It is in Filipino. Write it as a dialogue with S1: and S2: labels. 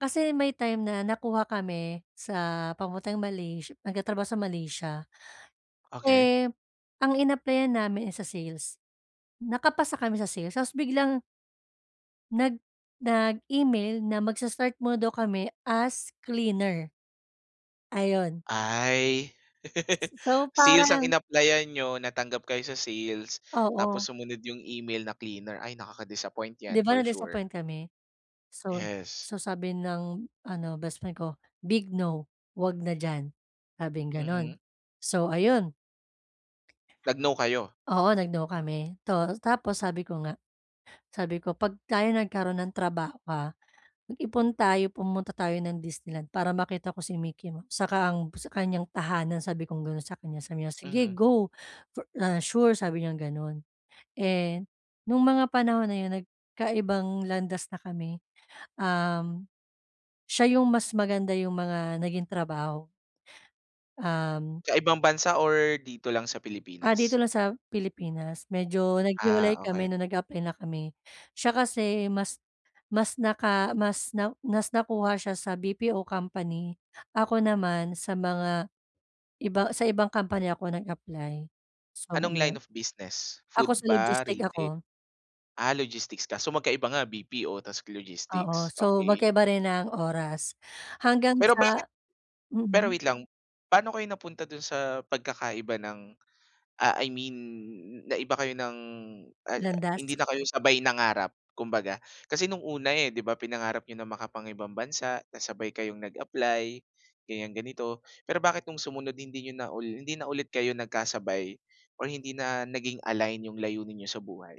S1: Kasi may time na nakuha kami sa papuntang Malays nagtatrabaho sa Malaysia.
S2: Okey.
S1: Eh, ang inaplayan namin, eh, sa sales. Nakapasa kami sa sales, tapos biglang nag nag-email na magsa start muna daw kami as cleaner. Ayun.
S2: Ay,
S1: So
S2: sales ang
S1: parang
S2: inaplayan niyo, natanggap kayo sa sales, tapos
S1: Oo.
S2: sumunod yung email na cleaner. Ay, nakaka-disappoint
S1: 'Di
S2: 'yan
S1: ba
S2: for sure.
S1: na-disappoint kami? So,
S2: Yes.
S1: so sabi ng ano, bestfriend ko, "Big no, huwag na diyan", sabing ganun.
S2: Mhm.
S1: So ayun
S2: Nag-no kayo?
S1: [unintelligible] oo, nag-no kami. Tu tapos sabi ko nga, sabi ko, "'Pag tayo nagkaroon ng trabaho ha, mag-ipon tayo, pumunta tayo ng Disneyland para makita ko si Mickey Mouse, saka ang sa kanyang tahanan sabi kong gano'n sa kanya." Sabi niya, "Sige
S2: Mhm.
S1: go, for, ah, sure," sabi niyang gano'n. Eh, no'ng mga panahon na 'yon, nagkaibang landas na kami. Um, siya yung mas maganda yung mga naging trabaho. Um
S2: Sa ibang bansa or dito lang sa
S1: Ah, dito
S2: Pilipinas?
S1: lang sa Pilipinas, medyo
S2: Ah,
S1: naghiwalay
S2: okey.
S1: kami nung nag-apply na kami. Siya kasi mas mas naka mas na, mas nakuha siya sa BPO company. Ako naman sa mga iba, sa ibang company ako nag-apply. So
S2: Anong line
S1: iyon
S2: of business, food
S1: ako sa
S2: ba,
S1: logistic
S2: retail?
S1: ako.
S2: Ah, logistics kaso magkaiba nga BPO ta's
S1: Oo,
S2: logistics,
S1: so
S2: okey.
S1: magkaba rin ng oras, hanggang
S2: Pero bakit
S1: sa
S2: pero
S1: mm.
S2: wait lang, paano kayo napunta dun sa pagkakaiba ng, ah, I mean naiba kayo ng uh
S1: Landas.
S2: hindi na kayo sabay nangarap kumbaga. Kasi nung una, eh, 'di ba pinangarap niyo ng makapangibang bansa, tas sabay kayong nag-apply, ganiyan, ganito. Pero bakit nung sumunod hindi niyo na hindi na ulit kayo nagkasabay ,or hindi na naging align yung layunin n'yo sa buhay?